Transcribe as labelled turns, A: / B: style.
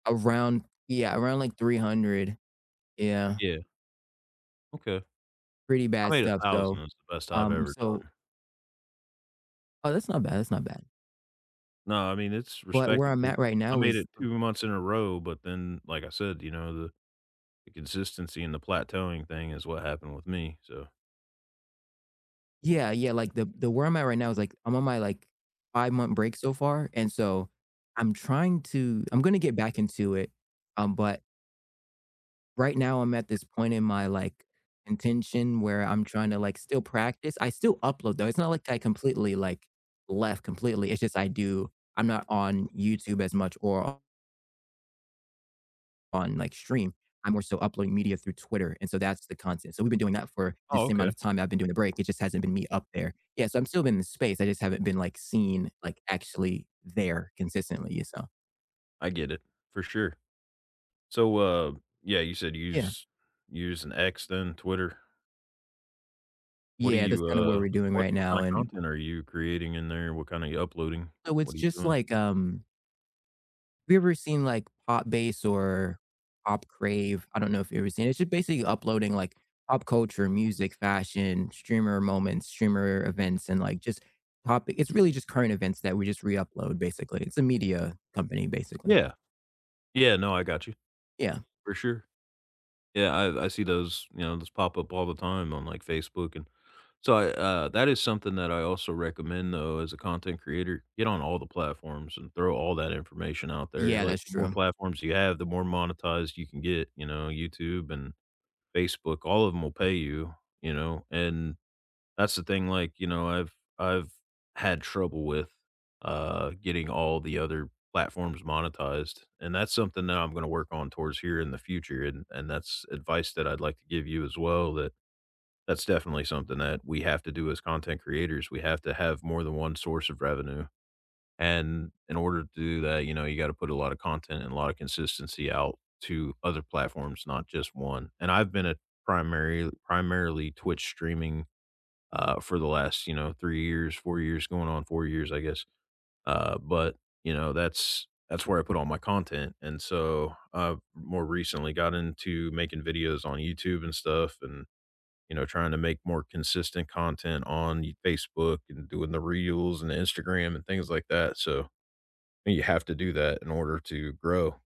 A: Around, yeah, around, like, 300. Yeah.
B: Yeah. Okay.
A: Pretty
B: I
A: bad
B: made a
A: stuff,
B: thousand.
A: so,
B: That’s the best I've
A: um,
B: ever
A: so
B: done.
A: Oh, that's not bad, that's not bad.
B: No, I mean, it's
A: But where I'm
B: respectable.
A: at right
B: I
A: now
B: made
A: is
B: it 2 months in a row, but then, like I said, you know, the the consistency and the plateauing thing is what happened with me, so.
A: Yeah, yeah, like the the where I'm at right now is, like, I'm on my, like, five-month break so far, and so I'm trying to I'm gonna get back into it, um, but Right now I'm at this point in my, like, intention where I'm trying to, like, still practice, I still upload though, it's not, like, I completely, like, left completely, it's just I do I'm not on YouTube as much or o on, like, Stream. I'm more so uploading media through Twitter, and so that's the content, so, we've been doing that for the
B: Oh,
A: same amount
B: okay.
A: of time I've been doing the break. It just hasn't been me up there. Yeah, so, I'm still in the space, I just haven't been, like, seen, like, actually there consistently, so
B: I get it, for sure. So, uh, yeah, you said you
A: Yeah.
B: use using X, then Twitter. What do
A: Yeah, that's
B: you,
A: kinda what
B: uh,
A: we're doing
B: what
A: right
B: what
A: now,
B: kinda
A: and
B: content are you creating in there? What kind are you uploading?
A: So it's
B: What are you
A: just,
B: doing?
A: like, um have you ever seen, like, Pop Bass or Pop Crave? I don't know if you've ever seen it, it's just basically uploading like pop culture, music, fashion, streamer moments, streamer events, and, like, just Pop. It's really just current events that we just re-upload basically. It's a media company, basically.
B: Yeah. Yeah, no, I gotcha.
A: Yeah.
B: For sure. Yeah, I I see those, you know, those pop up all the time on, like, Facebook and so I, uh, that is something that I also recommend though as a content creator. Get on all the platforms and throw all that information out there,
A: Yeah,
B: like,
A: that's
B: the more
A: true.
B: platforms you have, the more monetized you can get, you know, YouTube and Facebook, all of them will pay you, you know, and that's the thing, like, you know, I've I've had trouble with, uh, getting all the other platforms monetized. And that's something that I'm gonna work on towards here in the future and, and that's advice that I'd, like, to give you as well that that's definitely something that we have to do as content creators. We have to have more than one source of revenue. And in order to do that, you know, you gotta put a lot of content and a lot of consistency out to other platforms, not just 1. And I've been a primary primarily Twitch streaming, uh, for the last, you know, 3 years, 4 years going on 4 years, I guess, uh, but, you know, that's that's where I put all my content and so, uh, more recently got into making videos on YouTube and stuff and, you know, trying to make more consistent content on y Facebook and doing the reels and the Instagram and things, like, that, so, and you have to do that in order to grow.